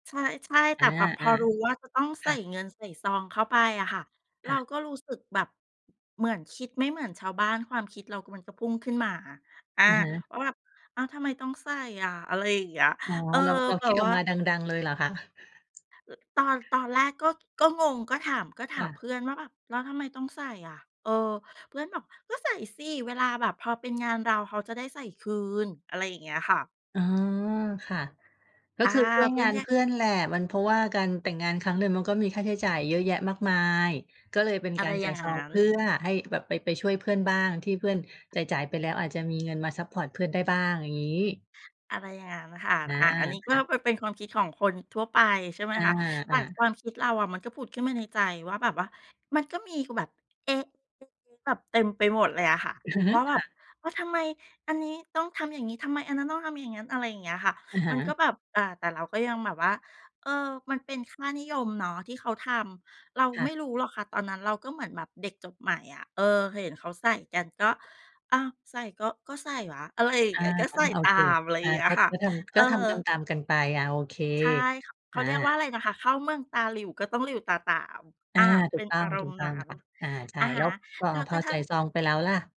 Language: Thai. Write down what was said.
ใช่ ๆ แอต่า แบบพอรู้ว่าจะต้องๆ ใคส่่ะ เงิน ใส่ซองเข้าไปอะค่ะ เรคา่ะ ก็รู้สึกแบบเหมือนคิดไม่เหมือนชาวบ้าน ความคิดเรา ก มันก็พุ่งขึ้นมา อา อะฮะ ว่าแบบ อ้าว ทำไมต้องใส่อะ อะไรอย่างเงี้ย อ๋อ เออ เรา เราแบคิบดอวอ่กา มาดัง ๆ เลยเหรอคะ? อ ตอน ตอนแรกก็ ก็งง ก็ถาม ก็คถา่มเพะ ื่อนว่าแบบ "แล้วทำไมต้องใส่อะ?" เออ เพื่อนบอก "ก็ใส่สิ เวลาแบบพอเป็นงานเรา เขาจะได้ใส่คืน" อะไรอย่างเงี้ยค่ะ อ๋อ ค่ะ ก็อา คือช่วยเพื่งอานนแค่ เพื่อนแหละ มัน เพราะว่าการแต่งงานครั้งหนึ่งมันก็มีค่าใช้จ่ายเยอะแยะมากมาย ก็เลยเป็นอะกไารรจอย่่าายงซงอัง้เน พื่อให้แบบไป ไปช่วยเพื่อนบ้าง ที่เพื่อนจ่าย ๆ ไปแล้ว อาจจะมีเงินมาซัปพอร์ตเพื่อนได้บ้าง อย่างงี้ อะไรอย่างนั้นค่ะ อา อา อันนี้คก็่ะ เป็น เป็นความคิดของคนทั่วไป ใช่ไหมอา คะ แตอ่า ความคิดเราอะมันก็ผุดขึ้นมาในใจว่าแบบว่า มันก็มี ก แบบ เอ๊ะ ๆ ๆ แบบเต็มไปหมดเลยอะค่ะ ว่าแบค่บะ ว่า "ทำไมอันนี้ต้องทำอย่างงี้? ทำไมอันนั้นต้องทำอย่างงั้น?" อะไรอย่างเงี้ยอะค่ะ อะฮมันก็ะ แบบ อ่า แต่เราก็ยังแบบว่า เออ มันเป็นค่านิยมเนาะ ที่เขาทำ เราค่ไม่ะ รู้หรอกค่ะ ตอนนั้นเราก็เหมือนแบบเด็กจบใหม่อะ เออ เคยเห็นเขาใส่กัน ก็ "อ้าว ใส่ก็ ก็ใส่วะ" อะไรอย่าองเา งี้ย ก็อใา ส่โอตาเค ม อะไรออย่า างเงี้ยก็ ค่ะ ก็ทเำ อกอ ็ทำตาม ๆ กันไป อา โอเค ใช่ค่ะ เขอาเรียกว่าา อะไรนะคะ เข้าเมืองตาหลิ่ว ก็ต้องหลิ่วตาตาม ออา ่า เถปู็กนต้ออาง รถูมณก์ตน้อั้งน ค่ะ อา ใชอ่ ะฮแล้ะ วพอ แล้วพกอระทใัส่่ง ซองไปแล้วล่ะ?